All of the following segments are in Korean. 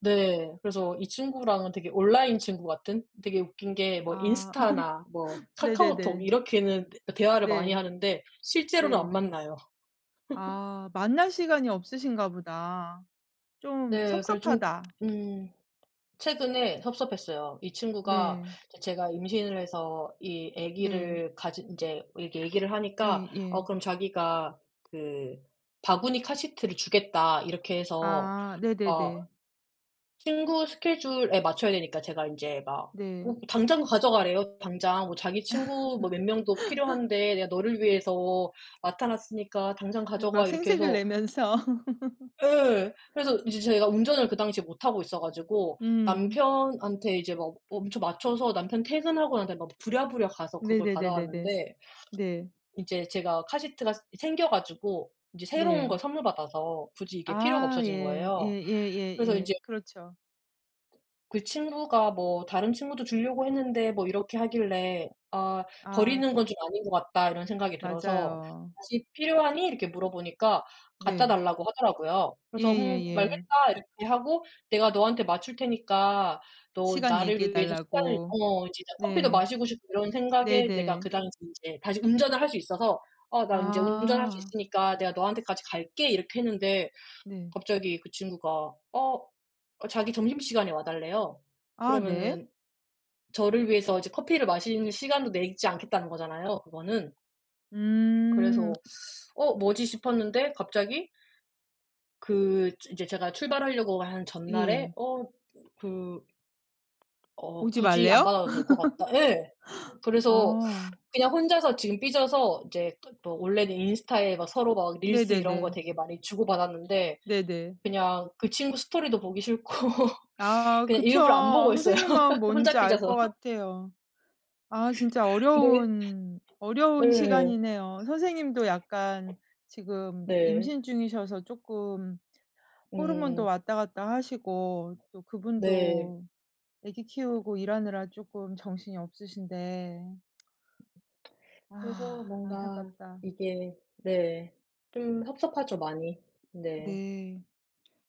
네. 그래서 이 친구랑은 되게 온라인 친구 같은? 되게 웃긴 게 뭐 아. 인스타나 뭐 카카오톡 네네네. 이렇게는 대 대화를 많이 네. 하는데 실제로는 안 네. 만나요. 아. 만날 시간이 없으신가 보다. 좀 네. 그래서 좀 섭섭하다. 음. 최근에 섭섭했어요. 이 친구가 네. 제가 임신을 해서 이 네. 아기를 가진 인제 이 얘기를 하니까 어 예예. 그럼 자기가 그 바구니 카시트를 주겠다. 이렇게 해서 아. 어 네네네. 친구 스케줄에 맞춰야 되니까 제가 인제 막 음 네. 당장 가져 가래요 당장. 뭐 자기 친구 뭐 몇 명도 필요한데 "내가 너를 위해서 맡아 놨으니까 당장 막 가져가." 이렇게 생색을 해서 내면서. 예. 그래서 인제 제가 운전을 그 당시에 못하고 있어 가지고 음. 남편한테 이제 막 엄청 맞춰서 남편 퇴근하고 난 다음에 막 부랴부랴 가서 그걸 받아 네네네네네. 왔는데 네. 이제 제가 카시트가 이 생겨 가지고 인제 새로운 걸 네. 선물 받아서 굳이 이게 필요가 아. 없어진 예. 거예요. 그래서 인제 예예예예. 그렇죠. 그 친구가 뭐 "다른 친구도 주려고 했는데." 뭐 이렇게 하길래 '아. 버리는 아. 건 좀 아닌 것 같다.' 이런 생각이 들어서 맞아요. "다시 필요하니?" 이렇게 물어보니까 갖다 네. 달라고 하더라고요. 그래서 "음. 예예예. 알겠다." 이렇게 하고 내가 너한테 맞출 테니까 너 시간 얘기해 나를 위해서 시간을 달라고. 어 진짜 커피도 네. 마시고 싶고 이런 생각에 내가 네네. 그 당시에 인제 다시 운전을 할 수 있어서 "어 나 이제 운전할 수 아. 있으니까 내가 너한테까지 갈게." 이렇게 했는데 네. 갑자기 그 친구가 어. 자기 점심시간에 와 달래요. 아. 네. 그러면은 저를 위해서 이제 커피를 마시는 시간도 내지 않겠다는 거잖아요 그거는. 음. 그래서 '어 뭐지?' 싶었는데 갑자기 그 주 인제 제가 출발하려고 한 전날에 예. 어 그 어. 오지 굳이 안 말래요? 받아도 될 것 같다. 예. 그래서 아. 그냥 혼자서 지금 삐져서 이제 또 또 원래는 인스타에 막 서로 막 릴스 이런 거 네네네. 되게 많이 주고 받았는데 네네. 그냥 그 친구 스토리도 보기 싫고 아. 그냥 그쵸. 일부러 안 보고 있어요 선생님 마음 뭔지 혼자 알 것 삐져서. 같아요. 아 진짜 네. 어려운 어려운 예. 시간이네요. 선생님도 약간 지금 네. 임신 중이셔서 쪼끔 호르몬도 음. 왔다 갔다 하시고 또 네. 그분도 애기 키우고 일하느라 쪼끔 정신이 없으신데. 그래서 아. 뭔가 안타깝다. 이게 네. 좀 섭섭하죠 많이. 네. 네.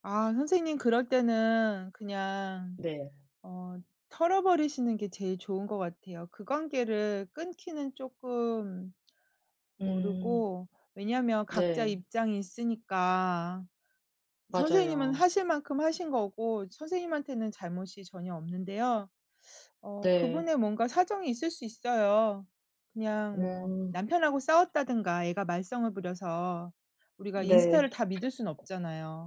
아 선생님 그럴 때는 그냥 네. 어 털어버리시는 게 제일 좋은 것 같아요. 그 관계를 끊기는 쪼끔 음. 모르고. 왜냐하면 각자 네. 입장이 있으니까. 선생님은 맞아요. 하실 만큼 하신 거고 선생님한테는 잘못이 전혀 없는데요. 어 네. 그분의 뭔가 사정이 있을 수 있어요 그냥 뭐 음. 남편하고 싸웠다든가 애가 말썽을 부려서. 우리가 인스타를 네. 다 믿을 순 없잖아요.